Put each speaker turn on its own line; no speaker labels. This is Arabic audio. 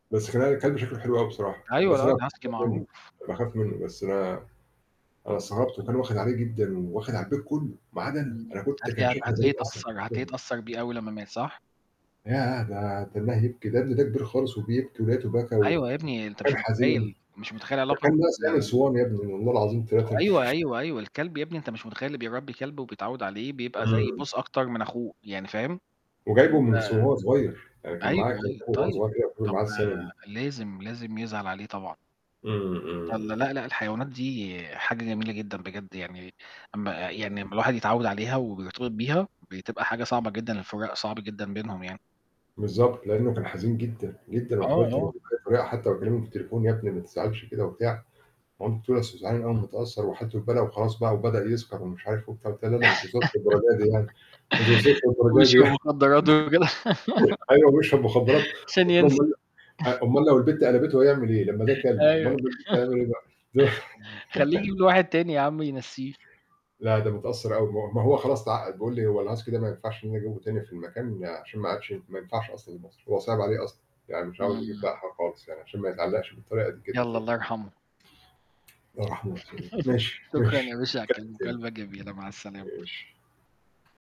بس خلّينا الكلب شكله حلو أوي بصراحة.
أيوه
بس
اللي هو
أنا
ال-Husky
باخاف منه،
معروف.
باخاف منه، بس أنا أنا استغربت
[unintelligible]
وكان واخد عليه جدًا وواخد على البيت كله ما عدا أنا.
امم
أنا كنت كان
هتلاقيه
شكلي غريب
هتلاقيه
أصلًا.
اتأثّر، هتلاقيه
[unintelligible]
اتأثر بيه أوي لمّا مات، صح؟
ياه! ده كان [unintelligible] ده كبير خالص وبيبكي ولقيته بكى
أيوة يا
وكان
ابني، أنت مش
حزين.
متخيل، مش متخيل
ده
علاقة
كان ناقص يعمل
ال
صوان يا ابني والله العظيم تلاتة.
أيوه، أيوه، أيوه الكلب يا ابني، أنت مش متخيل اللي بيربي كلب وبيتعود عليه بيبقى زي
امم.
بُص أكتر من أخوه، يعني فاهم،
وجايبه
أنت
من صغ وهو صغير. يعني كان
أيوه،
معاه كمان
أيوه.
وهو
طيب،
صغير، كان
طب
معاه السنة دي.
لازم، لازم يزعل عليه طبعًا.
امم، امم،
والَّا،
امم.
لأ لأ الحيوانات دي حاجة جميلة جدًا بجد يعني. أما آآ
[unintelligible]
يعني أما الواحد يتعوّد عليها وبيرتبط بيها بتبقى حاجة صعبة جدًا الفراق صعب جدًا بينهم يعني.
بالضبط لأنه كان حزين جدًا، جدًا.
آه،
وحاولت أراضيه
آه.
بكذا طريقة حتى وأكلمه في التليفون "يا ابني ما تزعلش كده" وبتاع. مامته بتقول لي: "أصله زعلان أوي ومتأثر وحالته بالبلا وخلاص بقى وبدأ يسكر ومش عارف وبتاع."، قُلت لها: "لا لا ما توصلش للدرجة دي يعني، ما توصلش للدرجة دي
بيشرب
يعني."
مخدرات [unintelligible]
أيوه، بيشرب مخدرات.
عشان
قُلت لهم:
ينسى.
"أُمال ل أُمال لو البت قلبته هيعمل إيه؟ لما ده كلب. أُمال
أيوه
لو البت هيعمل إيه بقى؟".
خلّيه يجيب له واحد تاني يا عم ينسّيه.
لا ده متأثر أوي. م ما هو خلاص اتعقد. بيقول لي: "هو الHusky ده ما ينفعش إني أجيبه تاني في المكان عشان ما عادش ما ينفعش أصلًا لمصر."، هو صِعِب عليه أصلًا. يعني مش عاوز يجيب بقى
امم.
حاجة خالص يعني عشان ما يتعلقش بالطريقة دي كده
يالَّا
تاني.
الله يرحمه.
الله يرحمه ويحسن إليه. ماشي،
شكرًا
ماشي،
يا باشا على الكل
نتكلم تاني،
المكالمة الجميلة، مع السلامة.
ماشي.